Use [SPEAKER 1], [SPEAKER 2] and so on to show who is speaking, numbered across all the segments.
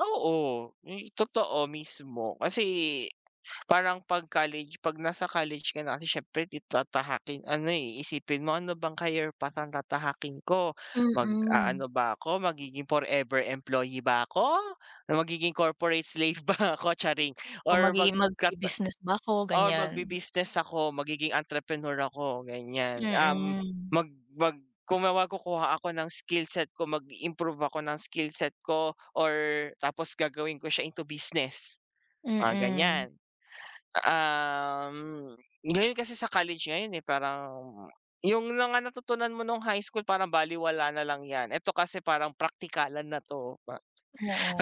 [SPEAKER 1] Oo, may totoo mismo kasi parang 'pag college 'pag nasa college ka na kasi siyempre ti tatahaking ano, eh, iisipin mo ano bang career path ang tatahakin ko?
[SPEAKER 2] Mm.
[SPEAKER 1] Mag-aano ba ako magiging forever employee ba ako, na magiging corporate slave ba ako? Charing!
[SPEAKER 2] O
[SPEAKER 1] Or mag
[SPEAKER 2] magiging
[SPEAKER 1] ka ka
[SPEAKER 2] magbi-business ba ako,
[SPEAKER 1] or
[SPEAKER 2] ganyan.
[SPEAKER 1] magbi-business ako, magiging entrepreneur ako ganyan. Um,
[SPEAKER 2] Mm.
[SPEAKER 1] mag mag kumawa kukuha ako ng skill set ko mag-improve ako ng skill set ko or tapos gagawin ko siya into business? Mga
[SPEAKER 2] Mm.
[SPEAKER 1] ganyan. Um, ngayon kasi sa college ngayon, eh, parang yung mga natutunan mo nung High School parang balewala nalang yan. Ito kasi parang praktikalan na 'to.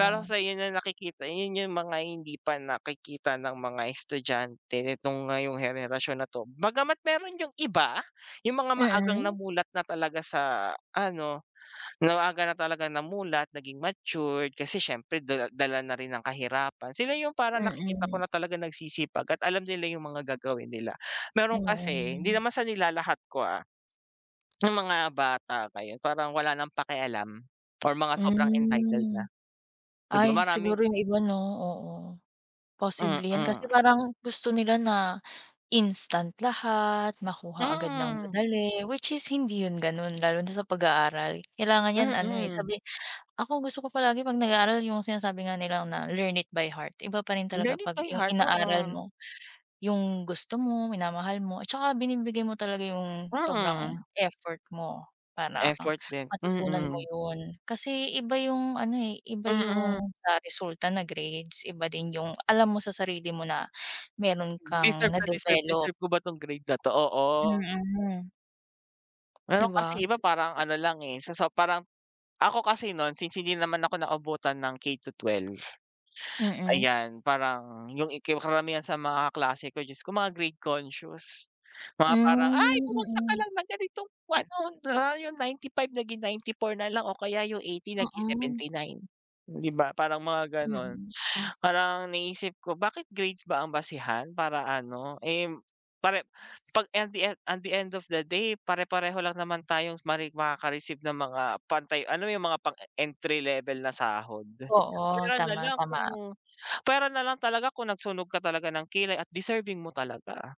[SPEAKER 1] Lalo sayo na nakikita, 'yon yung mga hindi pa nakikita ng mga estudyante nitong ngayong henerasyon na 'to. Bagama't mayro'n yung iba yung mga maagang
[SPEAKER 2] Mm.
[SPEAKER 1] namulat na talaga sa ano, maaga na talagang namulat, naging matured, kasi siyempre dala dala na rin ng kahirapan, sila yung parang nakikita ko
[SPEAKER 2] Mm.
[SPEAKER 1] na talagang nagsisipag at alam nila yung mga gagawin nila. Mayro'n kasi hindi
[SPEAKER 2] Mm.
[SPEAKER 1] naman sa nilalahat ko, ah. Yung mga bata ngayon, parang wala nang pakialam or mga sobrang entitled
[SPEAKER 2] Hmm.
[SPEAKER 1] na. Di ba,
[SPEAKER 2] Ay,
[SPEAKER 1] maraming
[SPEAKER 2] siguro yung iba, no, oo. Posible 'yan kasi
[SPEAKER 1] Mm.
[SPEAKER 2] parang gusto nila na instant lahat, makuha agad ng
[SPEAKER 1] Mm.
[SPEAKER 2] madali which is hindi 'yon gano'n lalo na sa pag-aaral. Kailangan 'yan ano, eh,
[SPEAKER 1] Mm.
[SPEAKER 2] sabi, ako gusto ko palagi 'pag nag-aaral yung sinasabi nga nilang na learn it by heart, iba pa rin talaga
[SPEAKER 1] Learning
[SPEAKER 2] pag
[SPEAKER 1] by
[SPEAKER 2] yung
[SPEAKER 1] heart,
[SPEAKER 2] inaaral
[SPEAKER 1] oo.
[SPEAKER 2] mo, yung gusto mo, minamahal mo, at 'tsaka binibigay mo talaga yung sobrang
[SPEAKER 1] Mm.
[SPEAKER 2] effort mo para
[SPEAKER 1] Effort din,
[SPEAKER 2] matutunan mo
[SPEAKER 1] mm.
[SPEAKER 2] 'yon. Kasi iba yung ano, eh, iba yung
[SPEAKER 1] Mm.
[SPEAKER 2] sa resulta na grades, iba din yung alam mo, sa sarili mo na mayron kang
[SPEAKER 1] Deserve ko deserve ko
[SPEAKER 2] na-develop.
[SPEAKER 1] deserve ko ba 'tong grade na 'to? Oo.
[SPEAKER 2] Mm. Di
[SPEAKER 1] Mayro'n kasi
[SPEAKER 2] ba?
[SPEAKER 1] iba parang ano lang, eh, sa so parang ako kasi no'n since hindi naman ako naabutan ng K to 12.
[SPEAKER 2] Mm.
[SPEAKER 1] Ayan, parang yung ika karamihan sa mga kaklase ko, Diyos ko mga grade conscious mga
[SPEAKER 2] Hmm,
[SPEAKER 1] parang, "ay bumagsak ka
[SPEAKER 2] mm.
[SPEAKER 1] lang ng ganitong kwan 'no na yung 95 naging 94 na lang o kaya yung 80 naging
[SPEAKER 2] Mm.
[SPEAKER 1] 79," di ba? Parang mga ganon.
[SPEAKER 2] Mm.
[SPEAKER 1] Parang naisip ko, bakit grades ba ang basehan para ano, eh, pare 'pag and the end, at the end of the day, pare-pareho lang naman tayong mare makaka-receive ng mga pantay ano yung mga pang-entry level na sahod.
[SPEAKER 2] Oo,
[SPEAKER 1] Puwera na
[SPEAKER 2] tama,
[SPEAKER 1] lang
[SPEAKER 2] tama.
[SPEAKER 1] kung puwera na lang talaga kung nagsunog ka talaga ng kilay at deserving mo talaga.